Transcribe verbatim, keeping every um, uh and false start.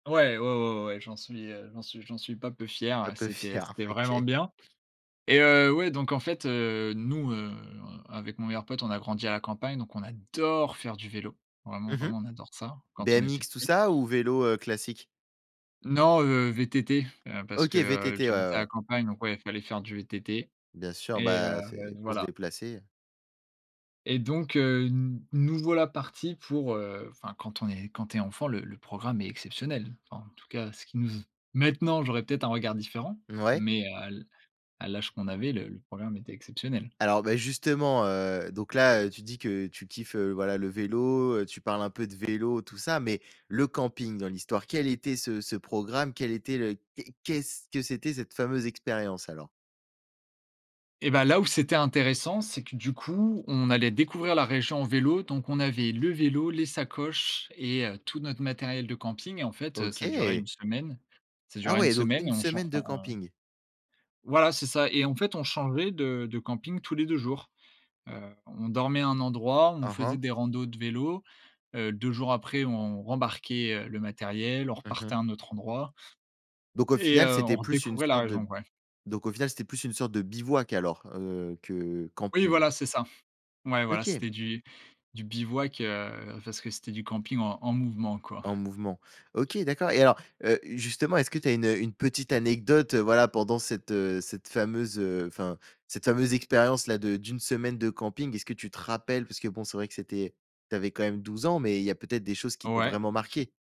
Ouais, ouais, ouais, ouais, ouais, j'en suis, heu, j'en suis j'en suis pas peu fier Un ouais, peu c'était fier? c'était vraiment OK. bien et heu, ouais, donc en fait, heu, nous, heu, en avec mon meilleur pote, on a grandi à la campagne donc on adore faire du vélo, vraiment, Mmh mh. vraiment on adore ça, quand on était BMX tout petit. ça ou vélo, heu, classique? Non, heu, VTT, heu, parce OK, que, heu, VTT, ouais, j'habite ouais, à la ouais. campagne, donc ouais, fallait faire du VTT. Bien sûr, Et heu, bah, heu, c'est d pour se voilà déplacer. et donc, heu, n nous voilà partis pour, heu, enfin, quand est quand tu es enfant, le le programme est exceptionnel. Enfin, en tout cas, ce qui nous ze maintenant, j'aurais peut-être un regard différent, Mouais. mais à l à l'âge qu'on avait, le le programme était exceptionnel. Alors, beh, justement, heu, donc là, heu, tu dis que tu kiffes, heu, voilà le vélo, heu, tu parles un peu de vélo tout ça, mais le camping dans l'histoire, quel était ce ce programme, quel était le que qu'est-ce que c'était cette fameuse expérience alors? Et ben, là où c'était intéressant, c'est que, du coup, on allait découvrir la région en vélo, donc on avait le vélo, les sacoches et heu, tout notre matériel de camping et en fait, heu, ça durait OK! une semaine. Ça Ah durait une ouais, donc semaine et une on chan semaine de on on camping. Voilà, c'est ça. Et en fait, on changeait de de camping tous les deux jours, heu, on dormait à un endroit, on Mmh faisait mh. des randos de vélo, heu, deux jours après, on rembarquait, heu, le matériel, on Mmh mh. repartait à un autre endroit Donc au d et final, heu, on c'était plus une redécouvrait la sorte de région. b Bref. donc au final, c'était plus une sorte de bivouac alors, heu, que Oui, camping? voilà, c'est ça. Ouais, voilà, OK. c'était du du bivouac, heu, parce que c'était du camping en en mouvement quoi. En mouvement. OK, d'accord. Et alors, heu, justement, est-ce que tu as une, heu, une petite anecdote, voilà, pendant cette, heu, cette fameuse, heu, enfin, cette fameuse expérience-là, de d'une semaine de camping. Est-ce que tu te rappelles, parce que bon, c'est vrai que c'était tu avais quand même douze ans, mais il y a peut-être des choses qui t'ont Ouais. vraiment marqué?